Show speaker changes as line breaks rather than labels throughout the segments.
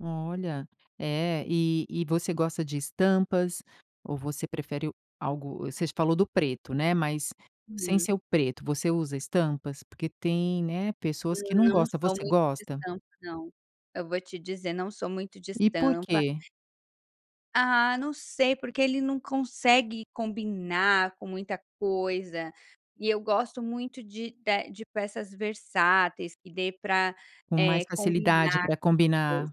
Olha, é e e você gosta de estampas ou você prefere algo você falou do preto né, mas sem
Uhum.
ser o preto você usa estampas? Porque tem, né, pessoas que não
Não
gosta,
sou
você
muito de
gosta?
estampa não. Eu vou te dizer, não sou muito de
E por
estampa.
quê?
Ah, não sei, porque ele não consegue combinar com muita coisa. E eu gosto muito de da de peças versáteis que dê para,
Com
eh,
mais facilidade
combinar
para
com qualquer coisa,
combinar.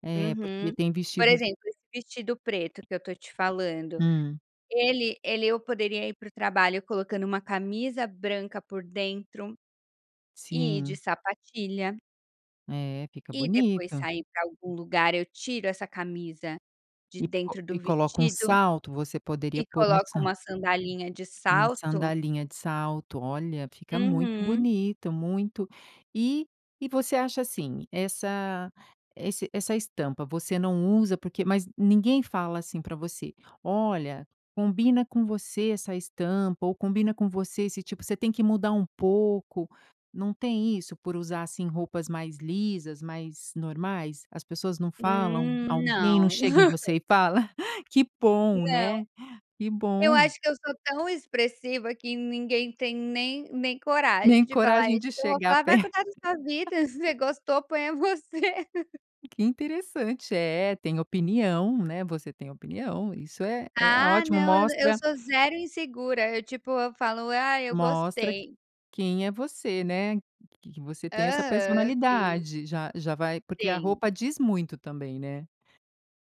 É, porque
uhum.
tem
Por
vestidos
exemplo, esse vestido preto que eu estou te falando,
Hum.
ele ele eu poderia ir para o trabalho colocando uma camisa branca por dentro e de
Sim.
sapatilha.
É, fica
E depois,
bonito.
sair para algum lugar, eu tiro essa camisa de
E co
dentro do
e coloca um
vestido
salto, você poderia
e
pôr um
coloco
sal
uma sandalinha de
Uma
salto.
sandalinha de salto. Olha, fica muito
Uhum.
bonito, muito e e você acha assim essa esse essa estampa você não usa porque mas ninguém fala assim para você: "Olha, combina com você essa estampa ou combina com você esse tipo você tem que mudar um pouco." Não tem isso por usar, assim, roupas mais lisas, mais normais? As pessoas não falam,
Hum,
alguém não
não.
chega em você e fala? Que bom
Não,
né, que
eu
bom.
acho que eu sou tão expressiva que ninguém tem nem nem coragem
Nem
de falar
coragem
isso,
de
que eu vou
chegar
falar: "Vai
per
cuidar da sua vida, se você gostou ponha você."
Que interessante. É, tem opinião, né. Você tem opinião, isso é é
Ah
ótimo
não, eu na eu
mostra
sou zero insegura, eu, tipo, eu falo: "Ah, eu
Mostra q
gostei."
quem é você, né, que que você tem essa
Aham, sim.
personalidade. Já já vai porque a
Sim.
roupa diz muito também, né.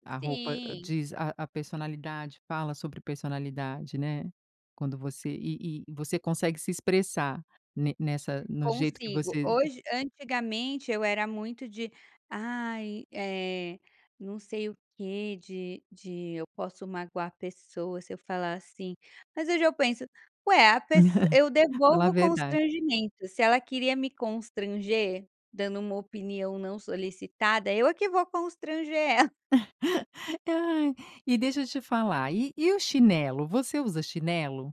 A roupa
Sim.
diz a a personalidade, fala sobre personalidade, né, quando você e e você consegue se expressar ne nessa no jeito que
Consigo.
você
Hoje antigamente eu era muito de: "Ai, eh, não sei o quê, de de eu posso magoar a pessoa se eu falar assim." Mas hoje eu penso: "Ué, a pess eu
Fala a
devolvo
verdade.
constrangimento." Se ela queria me constranger, dando uma opinião não solicitada, eu é que vou constranger ela.
Ai, e deixa eu te falar, e e o chinelo, você usa chinelo?